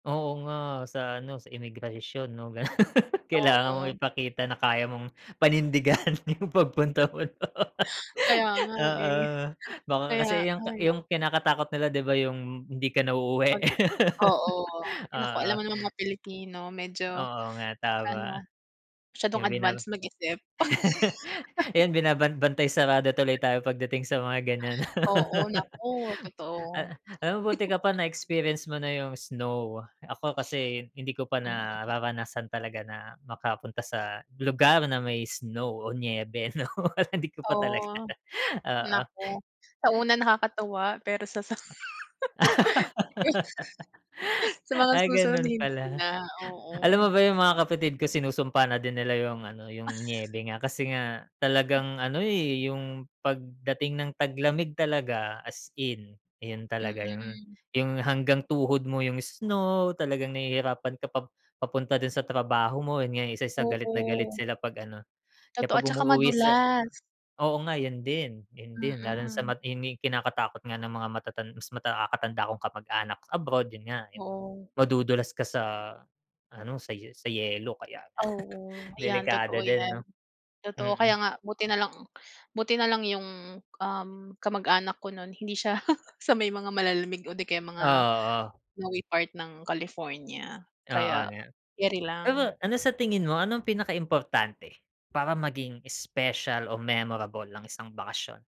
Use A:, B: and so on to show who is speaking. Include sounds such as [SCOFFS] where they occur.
A: Oo nga sa ano, sa imigrasyon 'no, ganun. [LAUGHS] Kailangan mong
B: Mm.
A: ipakita na kaya mong panindigan yung
B: [CHUCKLES]
A: pagpunta mo do'n.
B: Kaya nga
A: Oo.
B: eh.
A: Baka
B: Kaya
A: kasi yung ka
B: ay nak
A: yung kinakatakot nila 'di ba yung hindi ka na uuwi?
B: Mag oo.
A: [LAUGHS]
B: Ay naku,
A: Oo.
B: alam mo namang mga Pilipino medyo
A: Oo nga
B: ano,
A: tama.
B: masyadong
A: Yung bina
B: advance mag-isip.
A: [LAUGHS]
B: [LAUGHS]
A: yan, binabanban bantay sarado tuloy tayo pagdating sa mga ganyan.
B: Oo, naku,
A: [LAUGHS]
B: totoo.
A: Ah, alam mo, buti ka pa
B: [CHUCKLES]
A: na-experience mo na yung snow. Ako kasi hindi ko pa
B: Mm.
A: nararanasan talaga na makapunta sa lugar na may snow o niyebe, 'no. [LAUGHS] Hindi ko pa talaga
B: Oh.
A: oo.
B: Naku, sa una nakakatuwa, pero sa sa [LAUGHS] sa
A: [LAUGHS]
B: mga
A: Ah,
B: susunod
A: ganun
B: hindi
A: pala.
B: na,
A: Alam mo
B: oo.
A: ba yung mga kapatid ko, sinusumpa na din nila yung ano, yung
B: [SCOFFS]
A: niyebe nga. Kasi nga talagang ano, eh, yung pagdating ng taglamig talaga as in, yun talaga yung
B: Mm.
A: yung hanggang tuhod mo yung snow, talagang nahihirapan ka pa papunta dun sa trabaho mo. Yun nga isa sa galit na galit
B: Oo.
A: sila 'pag ano, kaya
B: Totoo
A: 'pag
B: at saka
A: umuwi sa
B: madulas.
A: oo nga, yun din yun din. Lalo sa
B: Mm.
A: matini kinakatakot nga ng mga matatan mas makakatanda kong kamag-anak sa abroad yun nga,
B: Oo.
A: madudulas ka sa ano, sa sa yelo kaya
B: Oo.
A: [CHUCKLES]
B: Ayan,
A: delikado
B: totoo
A: din, 'no?
B: yan. Totoo, kaya
A: Mm.
B: nga buti nalang buti nalang yung, um, kamag-anak ko nun hindi siya [CHUCKLES] sa may mga malalamig o di kaya
A: Oh,
B: mga
A: oo.
B: sa may part ng California.
A: Oo
B: Kaya,
A: nga.
B: keri
A: Pero
B: lang.
A: ano sa tingin mo, anong pinaka importante para maging special o memorable ang isang bakasyon?